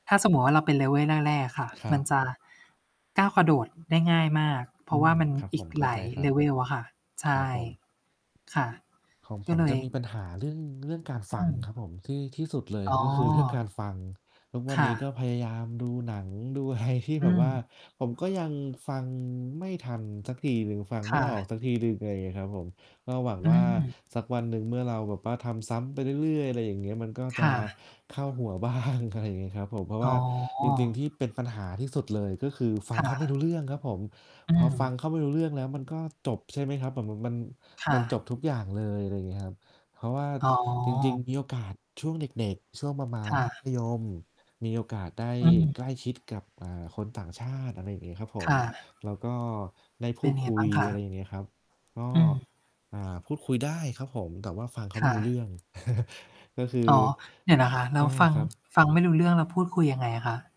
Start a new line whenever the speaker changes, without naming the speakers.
ถ้าสมมติว่าเราเป็น level แรก ๆ อะค่ะ
คร
ม
ั
ัน
บ
จะ ก้าวกระโดดได้ง่ายมาก เพ
อ
ร
ื
าะว
ม
่า มัน
ครับ
อ
ผ
ีก
ม เข้
ห
า
ล
ใ
า
จ
ย
ครับ
level อะค่ะ ใช
ครั
่
บผม t
ค่ะ
ของ
ก
ผ
็
ม
เล
จะ
ย
มีปัญหาเรื่อง เรื่องการฟ
อ
ั
ื
ง
ม
ครับผม ที่ ที่สุุดเลย
อ๋
ก็คือเรื่องก
อ
ารฟัง ทุกว
ค
ัน
่
นี้ก็
ะ
พยายามดูหนังดู อะไร ที่
อื
แบบว่า
ม
ผมก็ยังฟังไม่ทันสักทีหนึ่ง ฟัง
ค
ไม
่
่ออก
ะ
สักทีหนึ่ง อะไรอย่างเงี้ยครับผม ก็หวัง
อื
ว่า
ม
สักวันหนึ่ง เมื่อเราแบบว่าทำซ้ำไปเรื่อย ๆ อะไรอย่างเงี้ย มันก็
ค
จะ
่ะ
เข้าหัว บ้าง อะไรอย่างงี้ครับผม เพราะ
อ
ว
๋อ
่าจริง ๆ ที่เป็นปัญหาที่สุดเลย ก็คือฟั
ค
ง
่
เข
ะ
าไม่รู้เรื่องครับผม
อื
พอ
ม
ฟังเขาไม่รู้เรื่องแล้ว มันก็จบ ใช่ไหมครับ แบบ แบบมัน
ค่
มันจบ
ะ
ทุกอย่างเลย อะไรอย่างเงี้ยครับ เพราะว่า
อ๋
จริง ๆ ม
อ
ีโอกาสช่วงเด็ก ๆ ช่วงประมา
ค
ณ
่
ม
ะ
ัธยม มีโอกาสได้
อือ
ใกล้ชิดกับ อ่า คนต่างชาติ อะไรอย่างงี้ครับผ
ค
ม
่ะ
แล้วก็ได้พ
เป
ู
็น
ด
ยังไ
ค
ง
ุ
บ้
ย
างคะ?
อะไรอย่างเงี้ยครับ ก็
อืม
อ่า พูดคุยได้ครับผม แต่ว่าฟังเขา
ค
ไม่
่
รู้เรื่
ะ
อง ก็คือ
อ๋อ เดี๋ยวนะคะ แล
อ
้ว
า
ฟัง
ครับ
ฟังไม่รู้เรื่อง แล้วพูดคุยยังไงอะคะ?